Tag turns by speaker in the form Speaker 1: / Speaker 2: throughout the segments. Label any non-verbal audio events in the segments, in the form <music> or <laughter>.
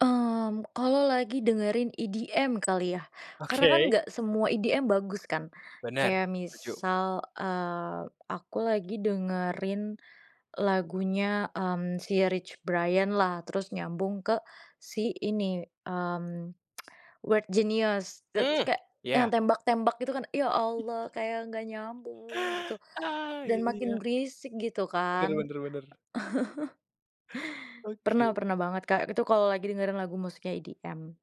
Speaker 1: Mmm, kalo lagi dengerin EDM kali ya, karena kan
Speaker 2: Oke.
Speaker 1: nggak semua EDM bagus kan.
Speaker 2: Benar.
Speaker 1: Kayak
Speaker 2: Setuju.
Speaker 1: misal, eee, aku lagi dengerin lagunya, mmm, si Rich Brian lah, terus nyambung ke si ini, mmm, <tsk> Weird Genius, te terus
Speaker 2: Mhm,
Speaker 1: kayak yang
Speaker 2: iya.
Speaker 1: tembak-tembak gitu kan, Ya Allah kayak nggak nyambung gitu,
Speaker 2: Ah, iya
Speaker 1: dan
Speaker 2: iya.
Speaker 1: makin berisik gitu
Speaker 2: Benar
Speaker 1: kan.
Speaker 2: benar benar.
Speaker 1: <laughs> Pernah
Speaker 2: Oke.
Speaker 1: pernah banget Kak, itu kalau lagi dengerin lagu musiknya EDM.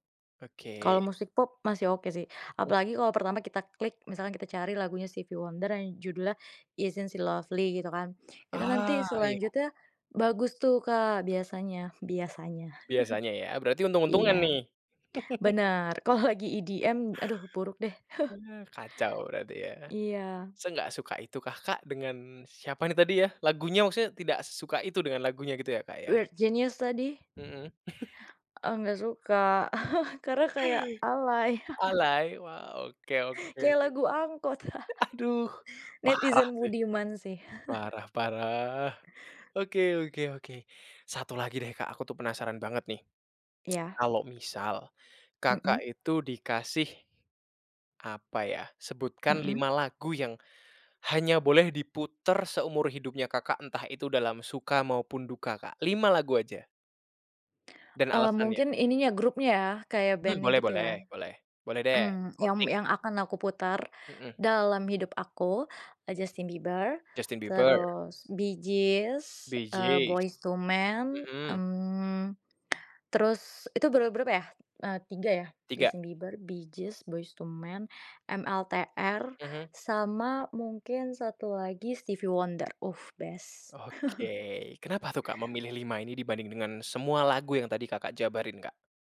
Speaker 1: Kalau
Speaker 2: Oke.
Speaker 1: musik pop masih oke sih,
Speaker 2: Mhm.
Speaker 1: apalagi kalau pertama kita klik misalnya kita cari lagunya Stevy Wonder yang judulnya "Isn't She Lovely" gitu kan. Itu
Speaker 2: Ah
Speaker 1: nanti
Speaker 2: iya.
Speaker 1: selanjutnya bagus tuh Kak biasanya biasanya.
Speaker 2: Biasanya ya, berarti
Speaker 1: <chuckles>
Speaker 2: untung-untungan
Speaker 1: Iya,
Speaker 2: nih. <laughs>
Speaker 1: bener, kalau lagi EDM, aduh buruk deh. <chuckles>
Speaker 2: Ah, kacau berarti ya.
Speaker 1: Iya.
Speaker 2: Seenggak suka itukah Kak dengan siapa nih tadi ya lagunya maksudnya tidak sesuka itu dengan lagunya gitu ya, Kak, ya?
Speaker 1: Weird Genius tadi.
Speaker 2: Mhm. <laughs>
Speaker 1: E nggak suka, <chuckles> karena kayak alay. <laughs>
Speaker 2: Alay, wow, oke oke.
Speaker 1: Kayak lagu angkot,
Speaker 2: A aduh
Speaker 1: <laughs>
Speaker 2: parah
Speaker 1: netizen
Speaker 2: sih.
Speaker 1: budiman sih. <chuckles>
Speaker 2: Parah parah, oke oke oke. 1 lagi deh Kak, aku tuh penasaran banget nih. <tsk>
Speaker 1: Iya.
Speaker 2: Kalau misal Kakak
Speaker 1: Mhm.
Speaker 2: itu dikasih, apa ya, sebutkan
Speaker 1: Mhm.
Speaker 2: 5 lagu yang hanya boleh diputar seumur hidupnya Kakak, entah itu dalam suka maupun duka, Kak? 5 lagu aja. Dan
Speaker 1: Eee,
Speaker 2: alasannya.
Speaker 1: mungkin ininya grupnya ya, kayak
Speaker 2: Hmm,
Speaker 1: band-nya
Speaker 2: boleh
Speaker 1: gitu
Speaker 2: boleh,
Speaker 1: ya.
Speaker 2: boleh boleh deh,
Speaker 1: Mhm, yang
Speaker 2: korting.
Speaker 1: yang akan aku putar
Speaker 2: Mhm.
Speaker 1: dalam hidup aku, e Justin Bieber,
Speaker 2: Justin Bieber.
Speaker 1: terus Bee Gees,
Speaker 2: Bee
Speaker 1: eee,
Speaker 2: Gees.
Speaker 1: Boyz II Man,
Speaker 2: Mhm.
Speaker 1: mmm, terus itu ber berapa ya? E 3 ya,
Speaker 2: 3.
Speaker 1: Justin Bieber, Bee Gees, Boyz II Man, MLTR,
Speaker 2: Mhm.
Speaker 1: sama mungkin 1 lagi Stevie Wonder, uh best.
Speaker 2: Oke,
Speaker 1: <chuckles>
Speaker 2: kenapa tuh Kak memilih 5 ini dibanding dengan semua lagu yang tadi Kakak jabarin, Kak?